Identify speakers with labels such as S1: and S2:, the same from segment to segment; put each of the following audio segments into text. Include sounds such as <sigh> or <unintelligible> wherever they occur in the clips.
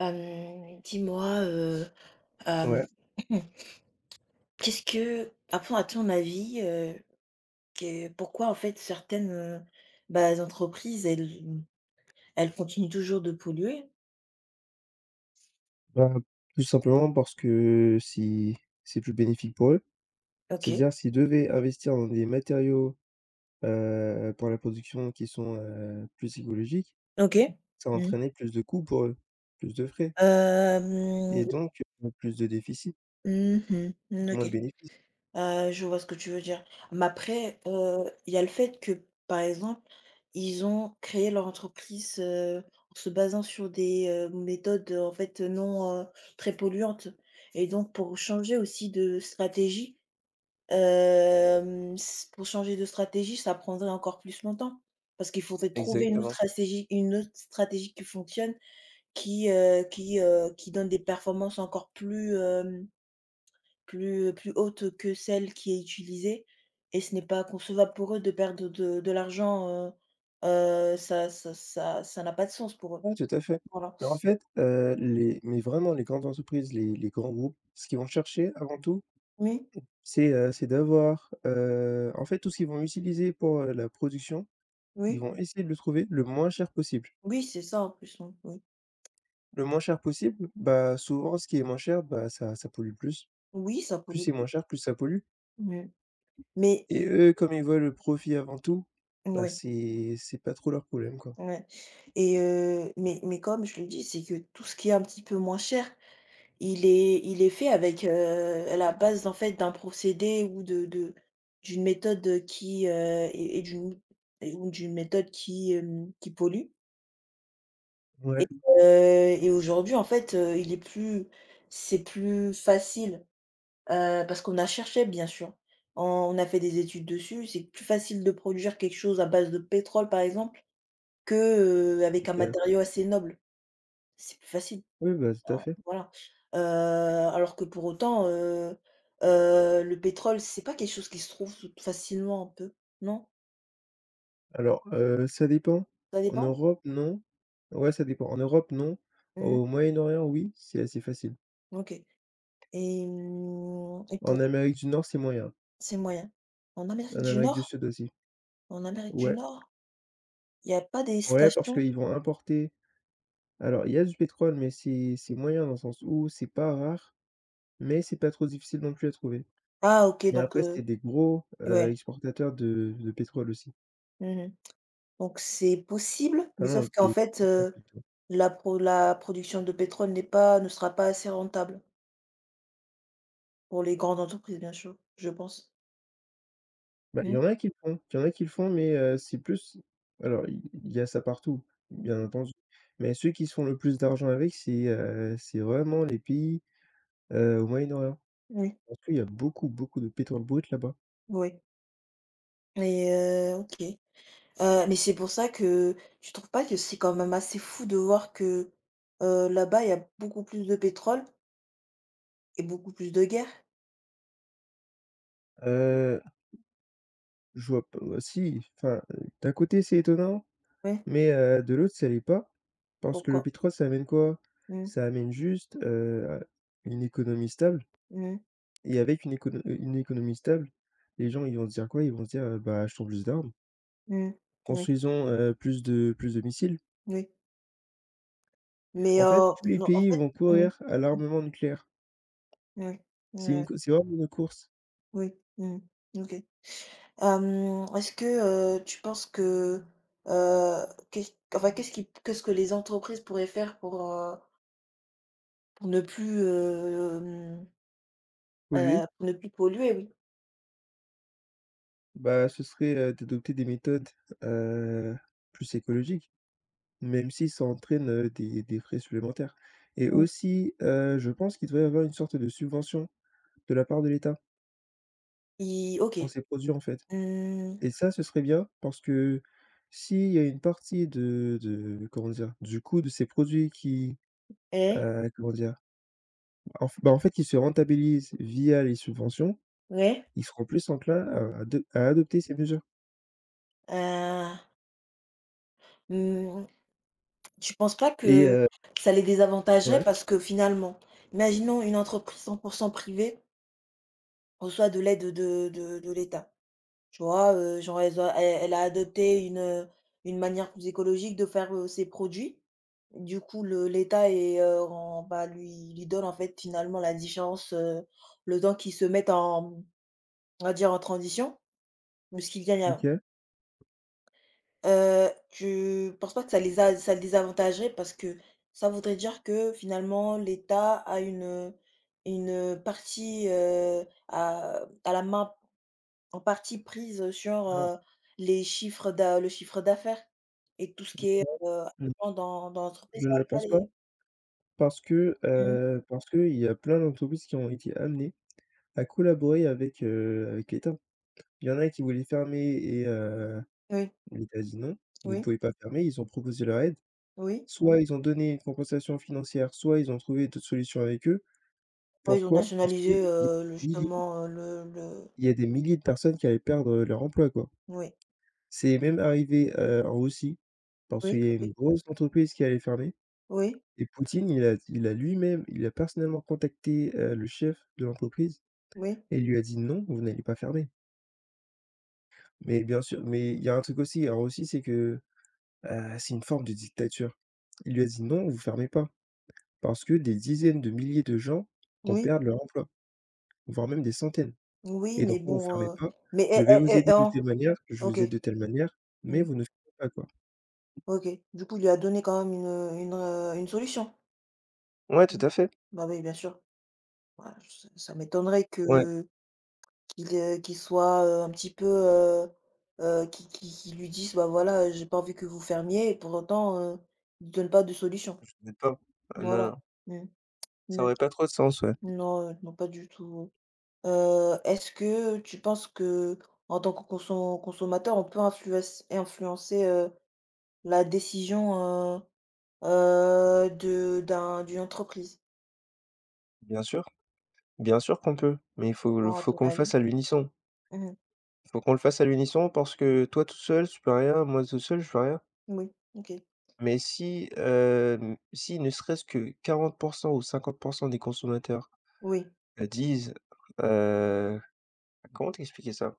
S1: Hem, dis-moi, heu hem
S2: Ouais.
S1: <coughs> qu'est-ce que à pon à ton avis, heu, que pourquoi en fait certaines, heu, bah, les entreprises elles n elles continuent toujours de polluer?
S2: Ben, tout simplement parce que, si c'est plus bénéfique pour eux.
S1: OK.
S2: C'est-à-dire, s'ils devaient investir dans des matériaux, heu, pour la production qui sont, heu, plus écologiques,
S1: OK.
S2: ça va
S1: Mmh.
S2: entraîner plus de coûts pour eux, plus de frais et
S1: Hem.
S2: donc beaucoup plus de déficit
S1: Mmh mh. N
S2: et moins
S1: OK.
S2: de bénéfices.
S1: Heu, je vois ce que tu veux dire. M après, heu, il y a le fait que, par exemple, ils ont créé leur entreprise, heu, en se basant sur des, heu, méthodes en fait non, heu très polluantes et donc pour changer aussi de stratégie, hem, s pour changer de stratégie, ça prendrait encore plus longtemps. Parce qu'il faudrait trouver une autre
S2: Exactement.
S1: stratégie une autre stratégie qui fonctionne, qui, heu, qui, heu, qui donne des performances encore plus, hem, plus plus hautes que celle qui est utilisée et ce n'est pas concevable pour eux de perdre de de l'argent, heu heu, ça ça ça ça n'a pas de sens pour eux.
S2: Ouais, tout à fait.
S1: Voilà.
S2: Mais en
S1: <sucks teeth>
S2: fait, heu, les mais vraiment les grandes entreprises, les les grands groupes, ce qu'ils vont chercher avant tout
S1: Oui.
S2: c'est heu, c'est d'avoir, heu en fait tout ce qu'ils vont utiliser pour, heu, la production, ils
S1: Oui.
S2: vont essayer de le trouver le moins cher possible.
S1: Oui, c'est ça en plus, mmh, oui.
S2: Le moins cher possible. Bah, souvent ce qui est moins cher, bah, ça ça pollue plus.
S1: Oui, ça
S2: Plus
S1: pollue
S2: c'est moins
S1: plus.
S2: cher, plus ça pollue.
S1: Mais mais
S2: Et eux, comme ils veulent le profit avant tout,
S1: N
S2: bah,
S1: ouais.
S2: c'est c'est pas trop leur problème quoi.
S1: Ouais et heu, mais mais comme je le dis, c'est que tout ce qui est un petit peu moins cher, il est il est fait avec, heu, la base en fait d'un procédé ou de de d'une méthode qui, heu, est est d'une ou ou d'une méthode qui, hem, qui pollue. Et
S2: Ouais.
S1: heu, et aujourd'hui en fait, heu, il est plus c'est plus facile, heu, parce qu'on a cherché bien sûr, on a fait des études dessus. C'est plus facile de produire quelque chose à base de pétrole par exemple, que, heu, avec un
S2: OK.
S1: matériau assez noble. C'est plus facile.
S2: Oui, bah, tout à
S1: Bah
S2: fait.
S1: voilà, heu, alors que pour autant, heu heu, le pétrole, c'est pas quelque chose qui se trouve toute facilement un peu, non?
S2: Alors, heu, ça dépend.
S1: Ça
S2: En
S1: dépend?
S2: Europe, non. Ouais, ça dépend. En Europe, non,
S1: Mmh.
S2: au Moyen-Orient, oui, c'est assez facile.
S1: OK et mmh et
S2: En
S1: pour
S2: Amérique du Nord, c'est moyen.
S1: C'est moyen. En Amérique
S2: En
S1: du
S2: Amérique du
S1: Nord?
S2: Sud aussi.
S1: An Amérique du
S2: Ouais.
S1: Nord? Il y a pas des
S2: Ouais, parce
S1: stations?
S2: qu'ils vont importer. Alors, il y a du pétrole, mais c'est c'est moyen dans le sens où c'est pas rare, mais c'est pas trop difficile non plus à trouver.
S1: Ah OK,
S2: Mais
S1: donc
S2: après,
S1: heu,
S2: c'est des gros, heu,
S1: ouais.
S2: exportateurs de de pétrole aussi.
S1: Mmh mh. Donc c'est possible,
S2: Ah
S1: mais
S2: non,
S1: sauf qu'en
S2: des
S1: fait,
S2: porteurs
S1: heu,
S2: plutôt.
S1: la pro la production de pétrole n'est pas ne sera pas assez rentable. Pour les grandes entreprises, bien sûr, je pense.
S2: Bah il y en
S1: Mmh.
S2: a qui le font il y en a qui le font. Mais, heu, c'est plus alors i il y a ça partout, bien entendu. Mais ceux qui se font le plus d'argent avec, c'est, heu, c'est vraiment les pays, heu, au Moyen-Orient.
S1: Oui.
S2: Parce que il y a beaucoup, beaucoup de pétrole brut là-bas.
S1: Oui. Et heu, OK, heu, mais c'est pour ça que tu trouves pas que c'est quand même assez fou, de voir que, heu, là-bas, il y a beaucoup plus de pétrole? Et beaucoup plus de guerres?
S2: Heu, je vois p heu, si enfin, heu, d'un côté, c'est étonnant,
S1: Ouais.
S2: mais, heu, de l'autre, ça l'est pas. Parce que le
S1: Pourquoi?
S2: pétrole ça amène quoi?
S1: Mmh.
S2: Ça amène juste, heu, à une économie stable
S1: Mmh mh.
S2: et avec une écono heu, une économie stable. Les gens, ils vont se dire quoi? Ils vont se dire, heu,: «Bah achetons plus d'armes».
S1: Mmh, oui.
S2: Construisons, heu, plus de plus de missiles.
S1: Oui. Mais,
S2: En fait,
S1: heu,
S2: tous les
S1: non, en
S2: pays
S1: fait.
S2: vont
S1: Mmh.
S2: courir à
S1: Mmh.
S2: l'armement nucléaire.
S1: Ouais.
S2: C'est une
S1: Ouais.
S2: cou c'est vraiment une course.
S1: Oui, mmh, OK. Hem, est-ce que, heu, tu penses que, heu, qu'est-ce q enfin, qu'est-ce qui p qu'est-ce que les entreprises pourraient faire pour heu pour ne plus hem
S2: Polluer.
S1: heu, pour ne plus polluer, oui.
S2: Bah, ce serait, heu, d'adopter des méthodes, heu, plus écologiques. Même si ça entraîne, heu, des des frais supplémentaires et
S1: Mmh.
S2: aussi, heu, je pense qu'il devrait y avoir une sorte de subvention, de la part de l'État
S1: I
S2: pour
S1: OK.
S2: ces produit, en fait
S1: Mmh.
S2: et ça ce serait bien parce que s'il y a une partie de de comment dire, du coût de ces produits qui,
S1: Et
S2: heu, comment dire? En f bah, en fait, ils se rentabilisent via les subventions,
S1: Ouais.
S2: ils seront plus enclin à ado à adopter ces mesures.
S1: Heu Mmh. Tu penses pas
S2: Et
S1: que
S2: heu
S1: ça les désavantagerait?
S2: Ouais.
S1: Parce que finalement, imaginons une entreprise 100 % privée reçoit de l'aide de de de l'État. Tu vois, heu, genre elles ont e elle a adopté une, heu, une manière plus écologique de faire, heu, ses produits, du coup le l'État et heu, rend, bah, lui lui donne, en fait, finalement la différence, heu, le temps qu'ils se mettent en mmh on va dire en transition. Mais ce qu'ils gagnent à la
S2: OK.
S1: Heu, tu penses pas que ça les a ça les avantagerait? Parce que ça voudrait dire que finalement l'État a une, heu, une partie, heu, a a la main, en partie prise sur,
S2: Non.
S1: heu, les chiffres d'a le chiffre d'affaires et que tout ce
S2: <unintelligible>
S1: qui est, heu,
S2: ,mmh.
S1: en dans dans l'entreprise
S2: Je ne
S1: ça va
S2: le
S1: pas
S2: pense pas.
S1: aller.
S2: Parce que,
S1: Mmh.
S2: heu, parce qu'il y a plein d'entreprises qui ont été amenées à collaborer avec, heu, avec l'État. Il y en a qui voulaient fermer et heu,
S1: Oui.
S2: l'État a dit: «Non, vous ne
S1: Oui.
S2: pouvez pas fermer». Ils ont proposé leur aide.
S1: Oui.
S2: Soit ils ont donné une compensation financière, soit ils ont trouvé d'autres solutions avec eux.
S1: Ouais, ils ont
S2: Pourquoi? Parce qu'il y a
S1: nationalisé,
S2: des
S1: heu, le
S2: milliers
S1: justement, heu, le le
S2: il y a des milliers de personnes qui allaient perdre, heu, leur emploi quoi.
S1: Oui.
S2: C'est même arrivé, heu, en Russie, parce qu'il
S1: Oui,
S2: y a eu
S1: OK.
S2: une grosse entreprise qui allait fermer
S1: Oui.
S2: et Poutine il a d il a lui-même, il a personnellement contacté, heu, le chef de l'entreprise
S1: Oui.
S2: et il lui a dit: «Non, vous n'allez pas fermer». Mais bien sûr, mais il y a un truc aussi, alors aussi c'est que, heu, c'est une forme de dictature. Il lui a dit: «Non, vous fermez pas! Parce que des dizaines de milliers de gens vont
S1: Oui.
S2: perdre leur emploi, voire même des centaines
S1: Oui,
S2: et
S1: mais
S2: donc non, vous
S1: bon,
S2: fermez
S1: heu
S2: pas!
S1: mais
S2: Je
S1: eh
S2: vais vous
S1: eh eh
S2: aider de
S1: en
S2: telle manière, je
S1: OK.
S2: vous aide de telle manière, mais
S1: Mmh.
S2: vous ne fermez pas, quoi!»
S1: OK, du coup, il lui a donné quand même une, heu, une, heu, une solution?
S2: Ouais, tout
S1: Mmh.
S2: à fait.
S1: Bah oui, bien sûr. Voilà je ça ça m'étonnerait
S2: Ouais.
S1: que qu'il, heu, qu'il soit, heu, un petit peu, heu heu qui qui qu'il lui dise: «Bah voilà, j'ai pas envie que vous fermiez» et pour autant, heu, il donne pas de solution.
S2: Je n'ai pas ah non, non.
S1: Voilà, mmh,
S2: Ça
S1: ne
S2: aurait pas trop de sens, ouais.
S1: non, heu, non pas du tout, heu, est-ce que tu penses que en tant que conso consommateur on peut influence- influencer, heu, la décision, heu heu, de d'un d'une entreprise?
S2: Bien sûr. Bien sûr qu'on peut, mais il faut le
S1: Comment à
S2: faut
S1: ton
S2: qu'on le
S1: avis?
S2: fasse à l'unisson.
S1: Mmh mh.
S2: Il faut qu'on le fasse à l'unisson parce que toi tout seul, tu peux rien, moi tout seul, je peux rien.
S1: Moui, OK.
S2: Mais si, hem, si ne serait-ce que 40 % ou 50 % des consommateurs,
S1: Oui.
S2: heu, disent, heu comment t'expliquer ça?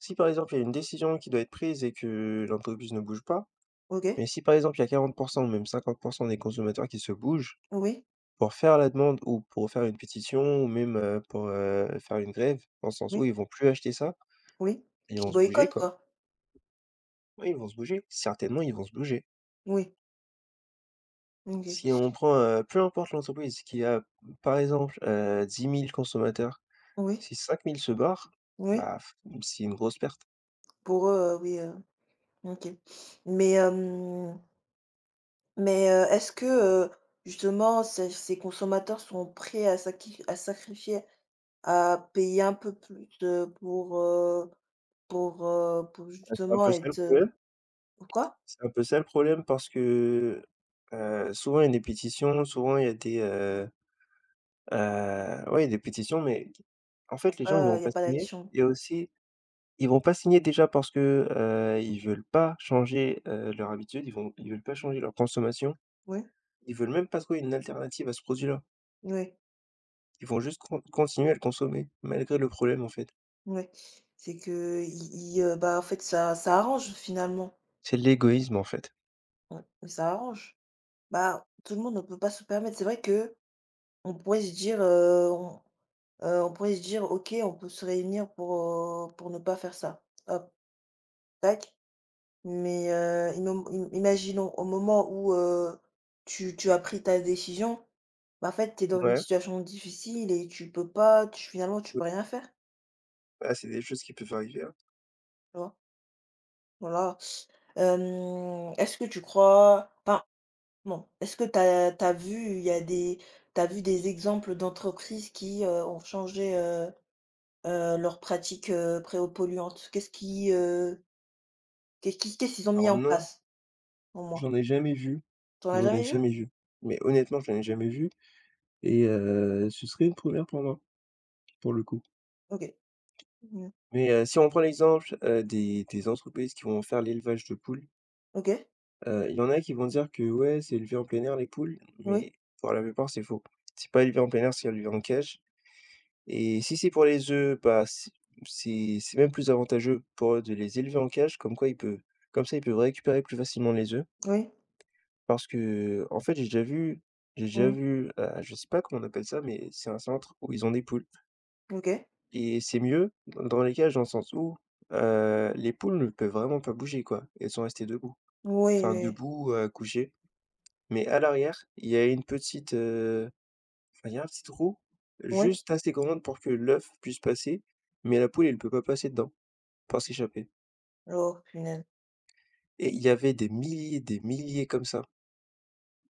S2: Si, par exemple, il y a une décision qui doit être prise et que l'entreprise ne bouge pas
S1: OK.
S2: mais si, par exemple, il y a 40 % ou même 50 % des consommateurs qui se bougent.
S1: Oui.
S2: Pour faire la demande ou pour faire une pétition ou même, heu, pour, heu, faire une grève. Dans le sens où
S1: Oui.
S2: ils vont plus acheter ça,
S1: Oui,
S2: beh, ils vont
S1: qui
S2: se bouger,
S1: boycottent,
S2: quoi.
S1: quoi?
S2: Oui, ils vont se bouger, certainement, ils vont se bouger.
S1: Oui. OK.
S2: Si on prend, heu, peu importe l'entreprise qui a, par exemple, heu, 10 000 consommateurs.
S1: Oui.
S2: Si 5000 se barrent,
S1: Oui.
S2: bah, c'est une grosse perte.
S1: Pour eux, heu, oui, heu, OK. <sniffs> Mais hem mais heu, est-ce que, heu, justement ces ces consommateurs sont prêts à sa qui à sacrifier, à payer un peu plus, heu, pour, heu, pour, heu, pour
S2: Ouais, c'est un
S1: justement
S2: peu ça le
S1: être, heu
S2: problème.
S1: pourquoi?
S2: C'est un peu ça le problème parce que, heu, souvent il y a des pétitions, souvent il y a des, heu heu, oui, il y a des pétitions, mais en
S1: Il y a
S2: fait les gens ils
S1: pas, heu,
S2: n'iront
S1: il y a
S2: pas
S1: pas
S2: signer
S1: action.
S2: et aussi, ils vont pas signer déjà parce que, heu, ils veulent pas changer, heu, leur habitude. Ils vont ils veulent pas changer leur consommation.
S1: Ouais.
S2: Ils veulent même pas trouver une alternative à ce produit-là.
S1: Oui.
S2: Ils vont juste con continuer à le consommer malgré le problème, en fait.
S1: Ouais, c'est que, i ils, heu, bah, en fait ça ça arrange finalement.
S2: C'est de l'égoïsme, en fait.
S1: Ouais, et ça arrange. Bah, tout le monde ne peut pas se permettre. C'est vrai qu'on pourrait se dire, heu, on, heu, on pourrait se dire: «OK, on peut se réunir pour, heu, pour ne pas faire ça». Hop! Tac. Mais heu, imo m im imaginons au moment où heu, tu tu as pris ta décision, bah, en fait, tu es dans une
S2: Ouais.
S1: situation difficile et tu peux pas tu finalement tu
S2: <unintelligible>
S1: peux rien faire.
S2: Ah, c'est des choses qui peuvent arriver hein.
S1: Tu vois? Voilà. <sucks teeth> Hem, est-ce que tu crois enfin, non. Est-ce que tu as tu as vu, il y a des tu as vu des exemples d'entreprises qui, heu, ont changé, heu heu, leurs pratiques, heu, préo polluantes? Qu'est-ce qui, heu, qu'est-ce qui qu'est-ce qu'ils ont mis
S2: Alors,
S1: en
S2: non.
S1: place au moins?
S2: J'en ai jamais vues
S1: Tu en as
S2: j'en ai
S1: jamais vues?
S2: jamais vues. Mais honnêtement, j'en ai jamais vues et heu, ce serait une 1re pour moi, pour le coup.
S1: OK. Mmh mh.
S2: Mais, heu, si on prend l'exemple, heu, des des entreprises qui vont faire l'élevage de poules.
S1: OK!
S2: Heu, il y en a qui vont dire que ouais, c'est élevé en plein air les poules.
S1: Oui.
S2: Mais pour la plupart, c'est faux. C'est pas élevé en plein air, c'est élevé en cage et si c'est pour les œufs, bah, c c'est c'est même plus avantageux pour eux de les élever en cage. Comme quoi il peut comme ça ils peuvent récupérer plus facilement les œufs.
S1: Oui.
S2: Parce que, en fait, j'ai déjà vu j'ai déjà
S1: Mmh.
S2: vu, heu, je sais pas comment on appelle ça, mais c'est un centre où ils ont des poules
S1: OK.
S2: et c'est mieux dans dans les cages, dans le sens où, heu, les poules ne peuvent vraiment pas bouger quoi. Elles sont restées debout.
S1: Oui,
S2: Enfin
S1: oui.
S2: debout, heu, couchées. Mais à l'arrière, il y a une petite, heu, enfin, il y a un petit trou,
S1: Ouais.
S2: juste assez grand pour que l'œuf puisse passer, mais la poule, elle peut pas passer dedans, pas s'échapper.
S1: Oh punaise!
S2: Et il y avait des milliers, des milliers comme ça.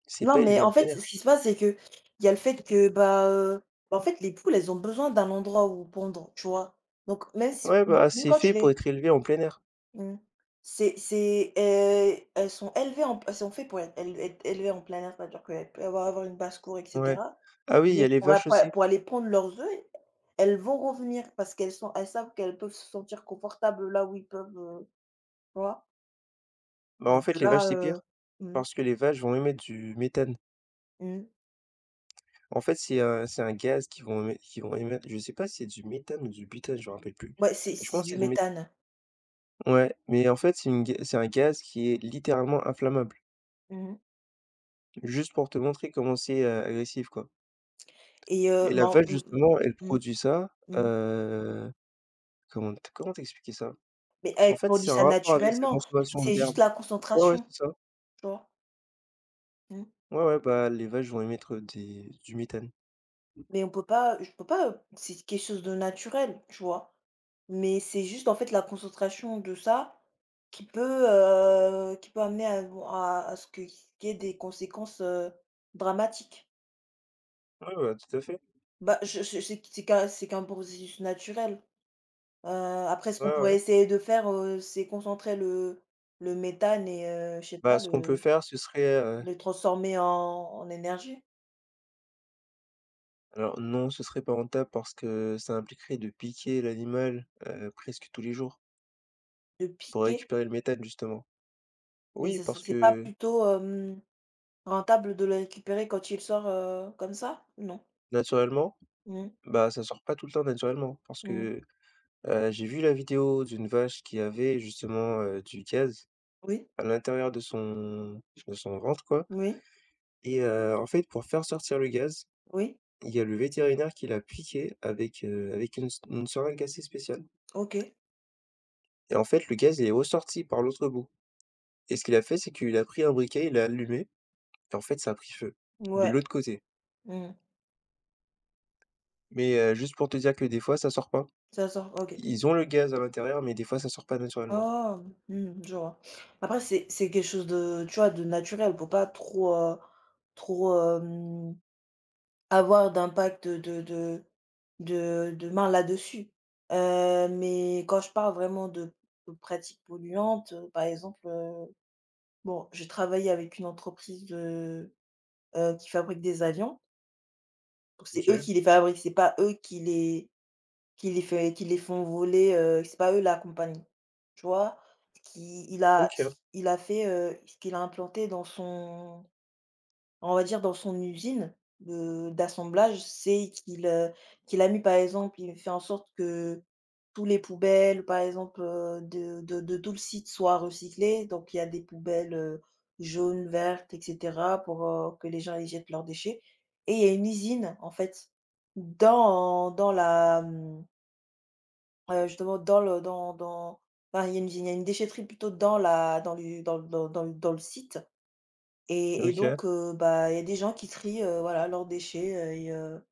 S2: C'est
S1: Non,
S2: pas élevé
S1: mais
S2: en
S1: en
S2: plein
S1: fait
S2: air.
S1: ce qu'il se passe, c'est qu'il y a le fait que, bah, heu bah en fait les poules, elles ont besoin d'un endroit où pondre, tu vois? Donc même si
S2: Ouais,
S1: mou
S2: bah,
S1: mou
S2: c'est
S1: quand
S2: fait
S1: tu
S2: pour
S1: les
S2: être élevé en plein air.
S1: Mmh. C'est c'est, heu, elles sont élevées en p elles sont fait pour être él être élevées en plein air. C'est à dire qu'elles peuvent avoir avoir une basse-cour et
S2: Ouais,
S1: cetera,
S2: ah oui, il y a
S1: mais
S2: les
S1: pour
S2: vaches
S1: apa
S2: aussi.
S1: pour aller pondre leurs œufs, e elles vont revenir. Parce qu'elles sont elles savent qu'elles peuvent se sentir confortables là où ils peuvent, heu, vois?
S2: Bah en
S1: Mais,
S2: fait,
S1: de
S2: les vaches,
S1: là,
S2: c'est
S1: heu,
S2: pire.
S1: mmh.
S2: Parce que les vaches vont émettre du méthane.
S1: Mmh.
S2: En fait, c'est un c'est un gaz qui vont émet qu'ils vont émettre, je sais pas si c'est du méthane ou du butane, je me rappelle plus,
S1: Bah, c'est
S2: mais je pense
S1: c'est
S2: que
S1: du
S2: c'est du métha
S1: méthane.
S2: Ouais, mais en fait c'est une ga c'est un gaz qui est littéralement inflammable.
S1: Mmh mh.
S2: Juste pour te montrer comment c'est, heu, agressif quoi.
S1: Et heu,
S2: Et la
S1: men
S2: vache
S1: mmh
S2: justement, elle
S1: mh,
S2: produit ça,
S1: mmh, mmh.
S2: heu, comment t comment t'expliquer ça?
S1: Mais
S2: En
S1: elle
S2: fait,
S1: produit
S2: ça a
S1: ça
S2: un rapport avec sa
S1: naturellement,
S2: consommation
S1: c'est juste
S2: d'herbes.
S1: la
S2: Ouais, ouais,
S1: concentration,
S2: c'est ça.
S1: tu vois? Mmh.
S2: Ouais, ouais, bah, les vaches vont émettre, heu, des du méthane.
S1: Mais on peut pas, heu je peux pas, heu c'est quelque chose de naturel, tu vois? Mais c'est juste en fait la concentration de ça, qui peut, heu qui peut amener à bon à à ce que ce qu'il y ait des conséquences, heu, dramatiques.
S2: Ouais, bah tout à fait.
S1: Bah, je je c'est c'est qu'un, c'est qu'un processus naturel, heu, après ce
S2: Ouais,
S1: qu'on
S2: ouais.
S1: pourrait essayer de faire, heu, c'est concentrer le le méthane et heu, je sais
S2: Bah
S1: pas
S2: ce qu'on peut
S1: le
S2: faire, ce serait, heu
S1: le transformer en en énergie.
S2: Alors, non, ce serait pas rentable parce que ça impliquerait de piquer l'animal, heu, presque tous les jours.
S1: Le
S2: Pour
S1: piquer?
S2: récupérer le méthane justement.
S1: Mais
S2: Oui,
S1: ça, c'est
S2: parce
S1: c'est pas
S2: que
S1: plutôt hem, rentable de le récupérer quand il sort, heu, comme ça, ou non?
S2: Naturellement,
S1: Mmh.
S2: bah, ça sort pas tout le temps naturellement. Parce
S1: Mmh.
S2: que, heu, j'ai vu la vidéo d'une vache qui avait justement, heu, du gaz,
S1: Oui.
S2: à l'intérieur de son de son ventre, quoi,
S1: Oui.
S2: et heu, en fait, pour faire sortir le gaz,
S1: Oui.
S2: il y a le vétérinaire qui l'a piqué avec, heu avec une se une seringue assez spéciale.
S1: OK.
S2: Et en fait, le gaz, il est ressorti par l'autre bout et ce qu'il a fait, c'est qu'il a pris un briquet, il l'a allumé, et en fait, ça a pris feu, de
S1: Ouais.
S2: l'autre côté.
S1: Mmh mh.
S2: Mais, heu, juste pour te dire que des fois, ça sort pas.
S1: Ça sort? OK.
S2: Ils ont le gaz à l'intérieur, mais des fois ça sort pas naturellement.
S1: Ah mmh, je vois. Après, c'est c'est quelque chose de tu vois, de naturel, pour pas trop, heu, trop, hem, avoir d'impact de de de de main là-dessus, heu, mais quand je parle vraiment de de pratiques polluantes, par exemple, heu, bon, j'ai travaillé avec une entreprise de, heu, qui fabrique des avions. Donc c'est eux
S2: OK.
S1: qui les fabriquent. C'est pas eux qui les qui les fait qui les font voler, heu, c'est pas eux la compagnie, tu vois? Qui il a
S2: OK.
S1: il a fait, heu, ce qu'il a implanté dans son on va dire, dans son usine de d'assemblage, c'est qu'il, heu, qu'il a mis par exemple, il a fait en sorte que tous les poubelles, par exemple, heu, de de de tout le site soit recyclées. Donc il y a des poubelles, heu, jaunes, vertes et cetera, pour, heu, que les gens ils jettent leurs déchets et il y a une usine en fait dans dans la mmh heu, justement dans le dans dans bah il y a une vi il y a une déchetterie plutôt dans la dans l'u dans l dans dans dans le site et et donc,
S2: OK.
S1: heu, bah il y a des gens qui trient, heu, voilà leurs déchets, heu et heu,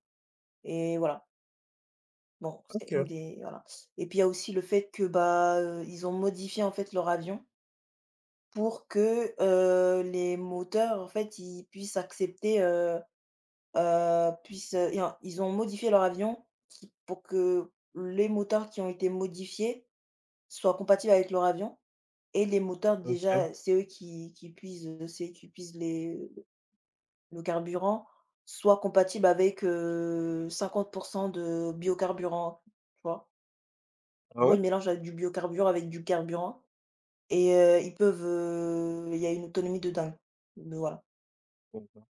S1: et voilà. Bon, c'est une
S2: OK.
S1: des voilà et puis il y a aussi le fait que bah, heu, ils ont modifié en fait leurs avions pour que, heu, les moteurs en fait, ils puissent accepter, heu heu puissent, heu et en ils ont modifié leur avion qui pour que les moteurs qui ont été modifiés soient compatibles avec leur avion et les moteurs
S2: OK.
S1: déjà, c'est eux qui qui puisent c'est qui puisent les, heu le carburant soit compatibles avec, heu, 50% de biocarburant, tu vois? En
S2: Ah
S1: gros, ils
S2: ouais?
S1: mélangent, heu, du biocarburant avec du carburant et heu, ils peuvent, heu, il y a une autonomie de dingue. B voilà.
S2: Et ben!